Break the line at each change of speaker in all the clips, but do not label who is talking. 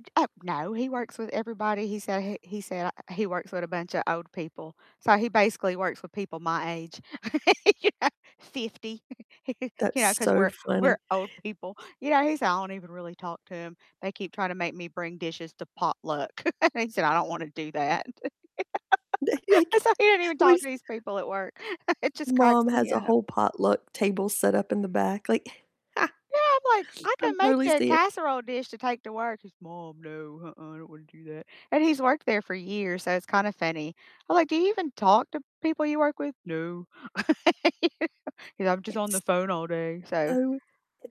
J Uh, no, he works with everybody, he said he he said, ah he works with a bunch of old people, so he basically works with people my age, you know, 50.
That's
You know, 'cause
so
we're we're
funny.
old people. You know, he said, "I don't even really talk to 'em. They keep trying to make me bring dishes to potluck." And he said, "I don't wanna do that."
Like
So he doesn't even talk to
[unintelligible]
these people at work. It just cracks
"Mom
me
has a
up.
whole potluck table set up in the back." Like
Yeah, I'm like, "I
I'm
could make
totally
you a
seeing it.
casserole dish to take to work." He's, "Mom, no, uh-uh, I don't wanna do that." And he's worked there for years, so it's kinda funny. I'm like, "Do you even talk to people you work with?" "No." He goes, "I'm just on the
It's
phone all day." So
Oh,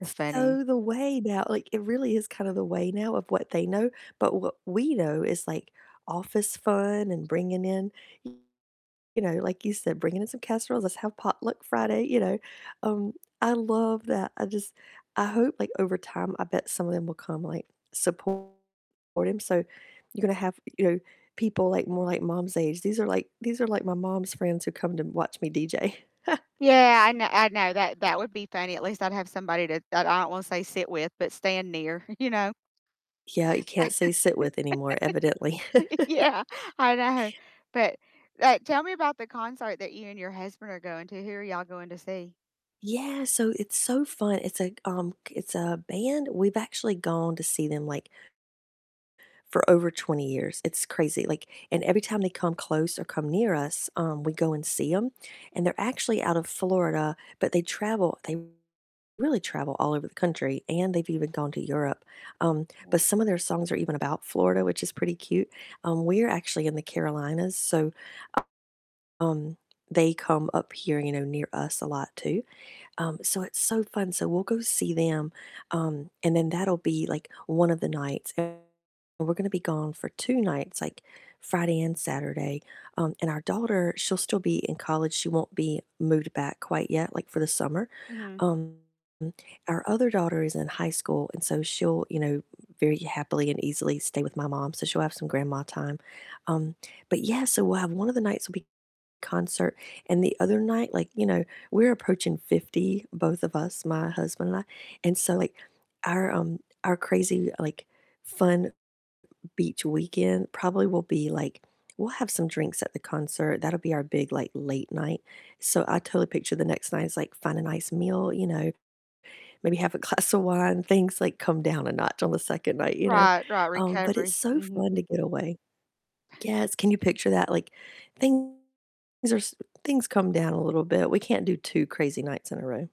it's funny.
so the way now, like it really is kind of the way now of what they know. But what we know is like office fun and bringing in [unintelligible] you know, like you said, bringing in some casseroles, let's have potluck Friday, you know? Um, I love that. I just, I hope like over time I bet some of them will come, like support him, so you're gonna have, you know, people like more like Mom's age. "These are like these are like my mom's friends who come to watch me DJ."
Yeah, I kn I know, that that would be funny. At least I'd have somebody to that I don't wanna say sit with, but stand near, you know?
Yeah, you can't say sit with anymore evidently.
Yeah, I know. But, uh, tell me about the concert that you and your husband are going to, who are y'all going to see?
Yeah, so it's so fun, it's like, um, it's a band. We've actually gone to see them like for over 20 years. It's crazy, like, and every time they come close or come near us, um, we go and see 'em, and they're actually out of Florida, but they travel. They really travel all over the country, and they've even gone to Europe, um, but some of their songs are even about Florida, which is pretty cute. Um, we're actually in the Carolinas, so, uh um, they come up here, you know, near us a lot too. Um, so it's so fun, so we'll go see them, um, and then that'll be like one of the nights. And we're gonna be gone for 2 nights, like Friday and Saturday, um, and our daughter, she'll still be in college, she won't be moved back quite yet, like for the summer.
Mhm.
Um, our other daughter is in high school, and so she'll, you know, very happily and easily stay with my mom, so she'll have some grandma time. Um, but yeah, so we'll have one of the nights will be concert, and the other night, like, you know, we're approaching 50 - both of us, my husband and I- and so like our, um, our crazy like fun beach weekend probably will be like, we'll have some drinks at the concert. That'll be our big like late night. So I totally picture the next night as like find a nice meal, you know, maybe have a glass of wine, things like come down a notch on the 2nd night, you know?
Right, right,
Um, but it's
recovery.
so
Mhm.
fun to get away. Yes. Can you picture that? Like, things are s things come down a little bit. We can't do 2 crazy nights in a row.